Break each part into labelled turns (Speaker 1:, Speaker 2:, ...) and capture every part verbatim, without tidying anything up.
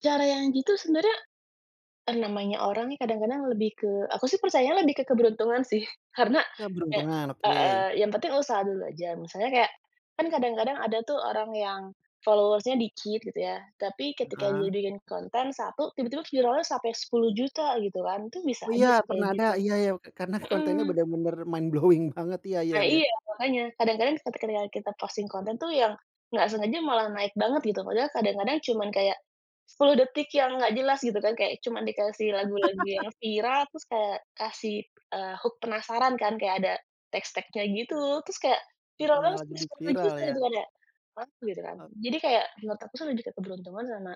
Speaker 1: Cara yang gitu sebenarnya, eh, namanya orang nih kadang-kadang lebih ke aku sih percaya lebih ke keberuntungan sih karena, eee,
Speaker 2: Keberuntungan oke.
Speaker 1: heeh, yang penting usaha dulu aja misalnya kayak, kan kadang-kadang ada tuh orang yang, followers-nya dikit gitu ya tapi ketika
Speaker 2: Heeh.
Speaker 1: dia bikin konten satu tiba-tiba viralnya sampai sepuluh juta gitu kan itu bisa
Speaker 2: Oh iya
Speaker 1: aja sih
Speaker 2: pernah
Speaker 1: kayak
Speaker 2: ada
Speaker 1: gitu,
Speaker 2: iya iya oke karena kontennya
Speaker 1: mhm.
Speaker 2: bener-bener mind blowing banget iya iya
Speaker 1: Eee,
Speaker 2: iya.
Speaker 1: iya makanya kadang-kadang ketika kita posting konten tuh yang, nggak sengaja malah naik banget gitu padahal kadang-kadang cuman kayak, sepuluh detik yang nggak jelas gitu kan kayak cuma dikasih lagu-lagu yang viral terus kayak kasih, eee, hook penasaran kan kayak ada, tes tagnya gitu terus kayak viral
Speaker 2: Untung
Speaker 1: kan
Speaker 2: malah
Speaker 1: terus
Speaker 2: jadi
Speaker 1: sepuluh
Speaker 2: viral
Speaker 1: juta
Speaker 2: ya.
Speaker 1: gitu kan ya mantul gitu kan jadi kayak menurut aku tuh lebih ke keberuntungan sama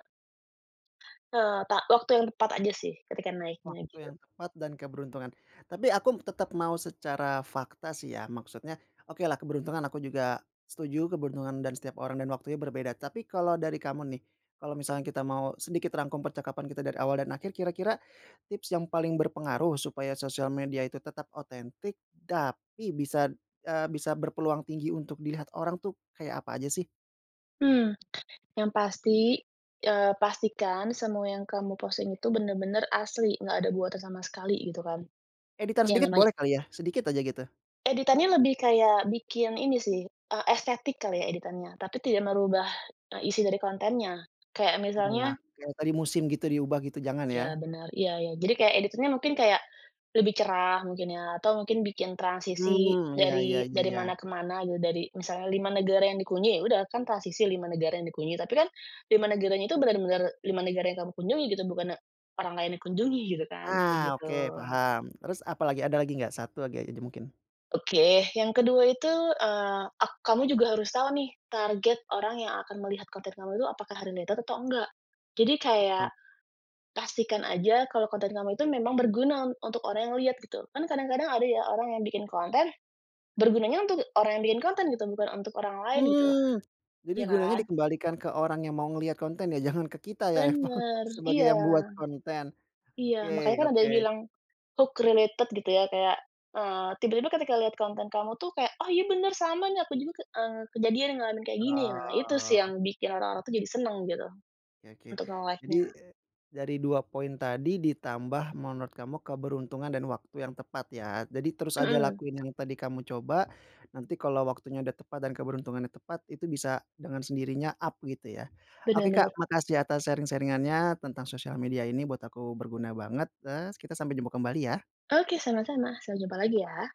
Speaker 1: Eee, ta waktu yang tepat aja sih ketika naiknya
Speaker 2: Waktu
Speaker 1: gitu.
Speaker 2: yang tepat dan keberuntungan, tapi aku tetap mau secara fakta sih ya maksudnya okelah keberuntungan aku juga, setuju keberuntungan dan setiap orang dan waktunya berbeda tapi kalau dari kamu nih, kalau misalkan kita mau sedikit rangkum percakapan kita dari awal dan akhir kira-kira, tips yang paling berpengaruh supaya sosial media itu tetap otentik tapi bisa, eee, bisa berpeluang tinggi untuk dilihat orang tuh kayak apa aja sih?
Speaker 1: Mmm, yang pasti, eee, pastikan semua yang kamu posting itu benar-benar asli nggak ada buatan sama sekali gitu kan,
Speaker 2: Editor
Speaker 1: iya
Speaker 2: sedikit
Speaker 1: namanya.
Speaker 2: boleh kali ya sedikit aja gitu.
Speaker 1: Editannya lebih kayak bikin ini sih, eee, estetik kali ya editannya tapi tidak merubah, eee, isi dari kontennya, kayak
Speaker 2: Iya
Speaker 1: misalnya
Speaker 2: kayak yang tadi musim gitu diubah gitu jangan
Speaker 1: Ya
Speaker 2: ya.
Speaker 1: benar iya iya jadi kayak editannya mungkin kayak, lebih cerah mungkin ya atau mungkin bikin transisi
Speaker 2: Mhm, iya iya
Speaker 1: dari
Speaker 2: iya
Speaker 1: dari
Speaker 2: iya.
Speaker 1: mana ke mana gitu dari misalnya lima negara yang dikunjungi ya sudah kan transisi lima negara yang dikunjungi tapi kan, lima negaranya itu benar-benar lima negara yang kamu kunjungi gitu bukan, eee, orang lain dikunjungi gitu kan
Speaker 2: Ah,
Speaker 1: kayak gitu.
Speaker 2: oke paham terus apalagi ada lagi nggak satu lagi aja mungkin?
Speaker 1: Oke yang kedua itu, eee, ek kamu juga harus tahu nih target orang yang akan melihat konten kamu itu apakah ada related atau enggak? Jadi kayak,
Speaker 2: Oh.
Speaker 1: pastikan saja kalau konten kamu itu memang berguna un untuk orang yang lihat gitu kan kadang-kadang ada ya orang yang bikin konten, bergunanya untuk orang yang bikin konten gitu bukan untuk orang lain gitu,
Speaker 2: Mmm, jadi
Speaker 1: iya
Speaker 2: gunanya
Speaker 1: kan.
Speaker 2: dikembalikan ke orang yang mau ngelihat konten ya jangan ke kita ya emang
Speaker 1: Bener
Speaker 2: sebagai
Speaker 1: iya,
Speaker 2: yang buat konten,
Speaker 1: iya
Speaker 2: oke
Speaker 1: makanya kan ada
Speaker 2: oke.
Speaker 1: yang bilang, hook related gitu ya kayak, eee, tiba-tiba ketika lihat konten kamu tuh kayak oh iya benar sama nih aku juga ke, eee, kejadian yang ngalamin kayak gini nah itu sih yang
Speaker 2: Oh.
Speaker 1: bikin orang-orang tuh jadi senang gitu,
Speaker 2: Oke oke
Speaker 1: untuk
Speaker 2: jadi,
Speaker 1: nge-like-nya.
Speaker 2: dari dua poin tadi ditambah menurut kamu keberuntungan dan waktu yang tepat ya jadi terus aja
Speaker 1: Mhm.
Speaker 2: lakuin yang tadi kamu coba, nanti kalau waktunya udah tepat dan keberuntungannya tepat itu bisa dengan sendirinya up gitu ya,
Speaker 1: Bener
Speaker 2: oke Kak
Speaker 1: bener.
Speaker 2: makasih atas sharing-sharing-annya tentang sosial media ini buat aku berguna banget, eee, kita sampai jumpa kembali ya.
Speaker 1: Oke sama-sama sampai jumpa lagi ya.